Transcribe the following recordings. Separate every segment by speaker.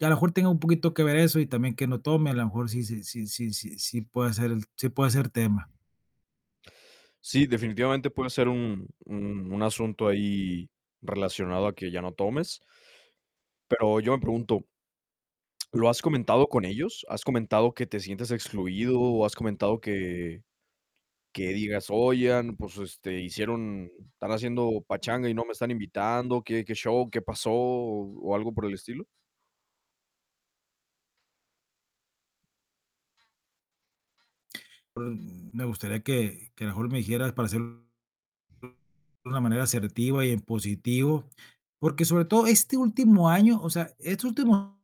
Speaker 1: Y a lo mejor tenga un poquito que ver eso y también que no tome, a lo mejor sí sí sí sí sí pueda ser el sí puede ser tema.
Speaker 2: Sí, definitivamente puede ser un un un asunto ahí relacionado a que ya no tomes. Pero yo me pregunto ¿lo has comentado con ellos? ¿Has comentado que te sientes excluido, o, has comentado que que digas: "Oigan, pues, este, hicieron están haciendo pachanga y no me están invitando, qué qué show, qué pasó", o algo por el estilo?
Speaker 1: Me gustaría que que a lo mejor me dijeras para hacer de una manera asertiva y en positivo, porque sobre todo este último año, o sea, estos últimos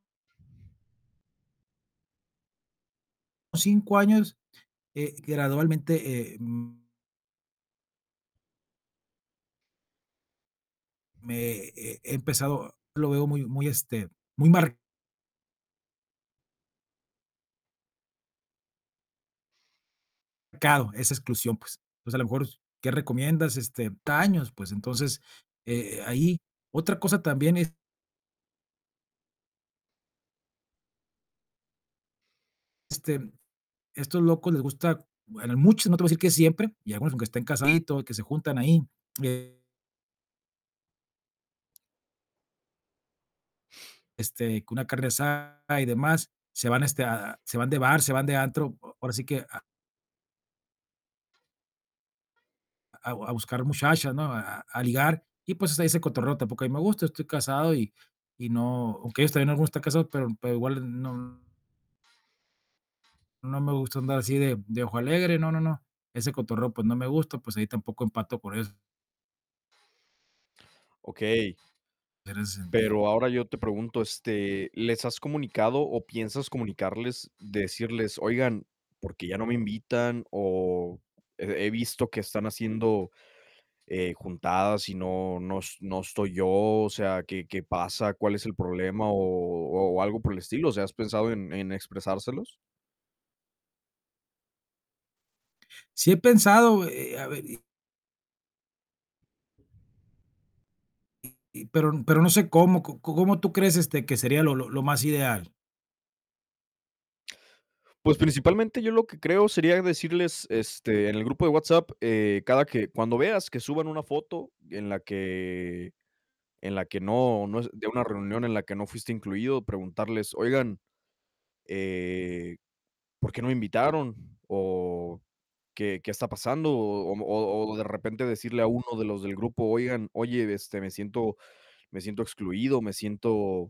Speaker 1: 5 años, eh, gradualmente, eh, mm me eh, empezado lo veo muy muy, este, muy mar cado esa exclusión, pues Pues a lo mejor, us ¿qué recomiendas?, este, [unintelligible] pues entonces, eh, ahí. Otra cosa también es este, mm, estos locos les gusta bueno, a muchos, no te voy a decir que siempre, y algunos aunque estén [unintelligible] y que se juntan ahí, eh este, con una carne asada y demás, se van, este, a a se van de bar, se van de antro, o ahora sí que a a a buscar muchachas, ¿no?, a a a ligar. Y pues ahí ese cotorreo tampoco a mí me gusta, estoy casado y y no, aunque ellos también algunos están casados, pero pero igual no no me gusta andar así de de ojo alegre, no, no, no, ese cotorreo pues no me gusta, pues ahí tampoco empato por eso.
Speaker 2: Okey.
Speaker 1: En ese sentido.
Speaker 2: Pero ahora yo te pregunto, este, ¿les has comunicado, o piensas comunicarles decirles: "Oigan, ¿por qué ya no me invitan?, o he he visto que están haciendo, eh, juntadas y no no es no estoy yo, o sea, qué qué pasa, cuál es el problema", o o algo por el estilo? O sea, ¿has pensado en en expresárselos?
Speaker 1: Sí he pensado, eh eh, a ve y y y pero pero no sé cómo, ¿co cómo tú crees, este, que sería lo lo más ideal?
Speaker 2: Pues principalmente yo lo que creo, sería decirles, este, en el grupo de WhatsApp, eh, cada que cuando veas que suban una foto en la que en la que no no es de una reunión en la que no fuiste incluido, preguntarles: "Oigan, eh, ¿por qué no me invitaron?". O: "¿Qué qué está pasando?", o o, mm, o o de repente, decirle a uno de los del grupo: "Oigan Oye, este, me siento me siento excluido, me siento"